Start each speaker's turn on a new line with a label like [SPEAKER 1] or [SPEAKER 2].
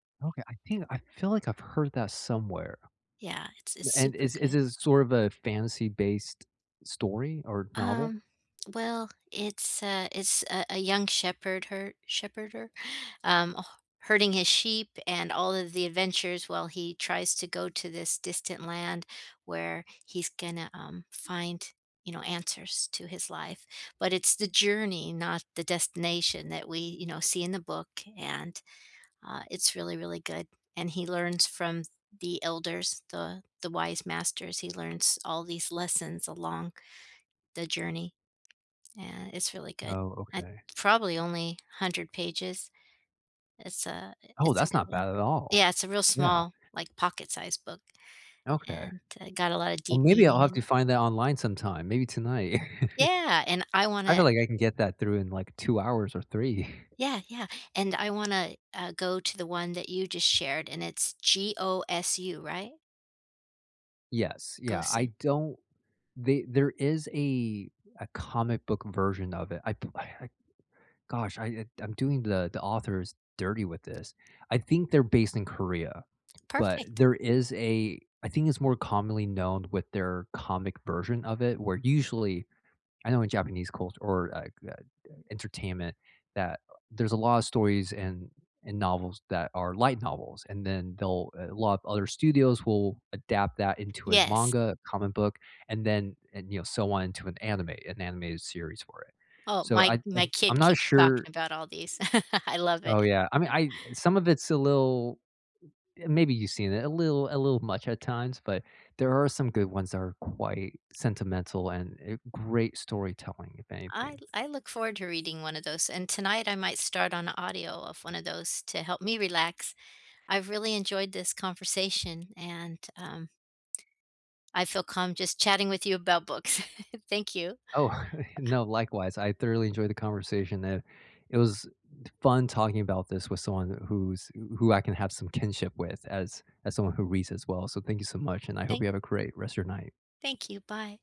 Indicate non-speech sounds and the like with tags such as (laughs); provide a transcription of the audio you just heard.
[SPEAKER 1] Okay, I think I feel like I've heard that somewhere.
[SPEAKER 2] Yeah, it's it's
[SPEAKER 1] And
[SPEAKER 2] super
[SPEAKER 1] is is
[SPEAKER 2] good.
[SPEAKER 1] this sort of a fantasy-based story or novel?
[SPEAKER 2] Um, well, it's a it's a a young shepherd her? Shepherder? Um, h herding his sheep and all of the adventures while he tries to go to this distant land where he's gonna, um, find, you know, answers to his life, but it's the journey, not the destination that we, you know, see in the book, and, uh, it's really, really good, and he learns from th the elders, the the wise masters, he learns all these lessons along the journey. Yeah, it's really good
[SPEAKER 1] Oh,
[SPEAKER 2] at
[SPEAKER 1] okay.
[SPEAKER 2] probably only 100 pages. It's a eh,
[SPEAKER 1] Oh,
[SPEAKER 2] it's a
[SPEAKER 1] that's
[SPEAKER 2] good
[SPEAKER 1] not
[SPEAKER 2] one.
[SPEAKER 1] bad at
[SPEAKER 2] Yeah,
[SPEAKER 1] all.
[SPEAKER 2] it's a real
[SPEAKER 1] Yeah.
[SPEAKER 2] small, like, pocket-sized book
[SPEAKER 1] Okay.
[SPEAKER 2] and g got a lotta
[SPEAKER 1] Well,
[SPEAKER 2] deep
[SPEAKER 1] maybe I'll
[SPEAKER 2] meaning
[SPEAKER 1] have
[SPEAKER 2] in
[SPEAKER 1] to
[SPEAKER 2] it.
[SPEAKER 1] find that online sometime, maybe tonight.
[SPEAKER 2] Yeah, and I
[SPEAKER 1] (chuckles) I
[SPEAKER 2] wanna ,uh
[SPEAKER 1] feel like, I can get that through in, like, 2 hours or 3. (chuckles)
[SPEAKER 2] Yeah, yeah, and I wanna, uh, go to the one that you just shared, and it's G-O-S-U, right?
[SPEAKER 1] Yes. Yeah.
[SPEAKER 2] Gosu.
[SPEAKER 1] I don't the there is a a comic book version of it. I pu I Gosh, I I'm doing the the authors dirty with this. I think they're based in Korea, but
[SPEAKER 2] Perfect.
[SPEAKER 1] there is a I think it's more commonly known with their comic version of it where usually I know in Japanese culture or, like, uh uh, entertainment that, uh, there's a lot of stories and and novels that are light novels, and then they'll a lot of other studios will adapt that into a
[SPEAKER 2] Yes.
[SPEAKER 1] manga, a comic book, and then, and, you know, so on into an anime an animated series for it.
[SPEAKER 2] Oh,
[SPEAKER 1] So I
[SPEAKER 2] my
[SPEAKER 1] I
[SPEAKER 2] my
[SPEAKER 1] t I'm
[SPEAKER 2] kid
[SPEAKER 1] not
[SPEAKER 2] keeps talking
[SPEAKER 1] sure.
[SPEAKER 2] about all these. (laughs) I love
[SPEAKER 1] Oh,
[SPEAKER 2] it.
[SPEAKER 1] yeah. I mean,
[SPEAKER 2] (chuckles)
[SPEAKER 1] I some of it's a little uh, maybe you've seen it a little a little much at times, but there are some good ones that are quite sentimental and uh, great storytelling, if
[SPEAKER 2] I
[SPEAKER 1] anything.
[SPEAKER 2] I look forward to reading one of those, and tonight, I might start on the audio of one of those to help me relax. I've really enjoyed this conversation, and, um I feel calm just chatting with you about books. (chuckles) Thank you.
[SPEAKER 1] Oh, no.
[SPEAKER 2] (chuckles)
[SPEAKER 1] Likewise. I thoroughly enjoyed the conversation, uh, it was t fun talking about this with someone wh who's who I can have some kinship with as as someone who reads as well. So, thank you so much, and I hope you
[SPEAKER 2] Thank
[SPEAKER 1] have a great rest of your night.
[SPEAKER 2] thank you. Bye.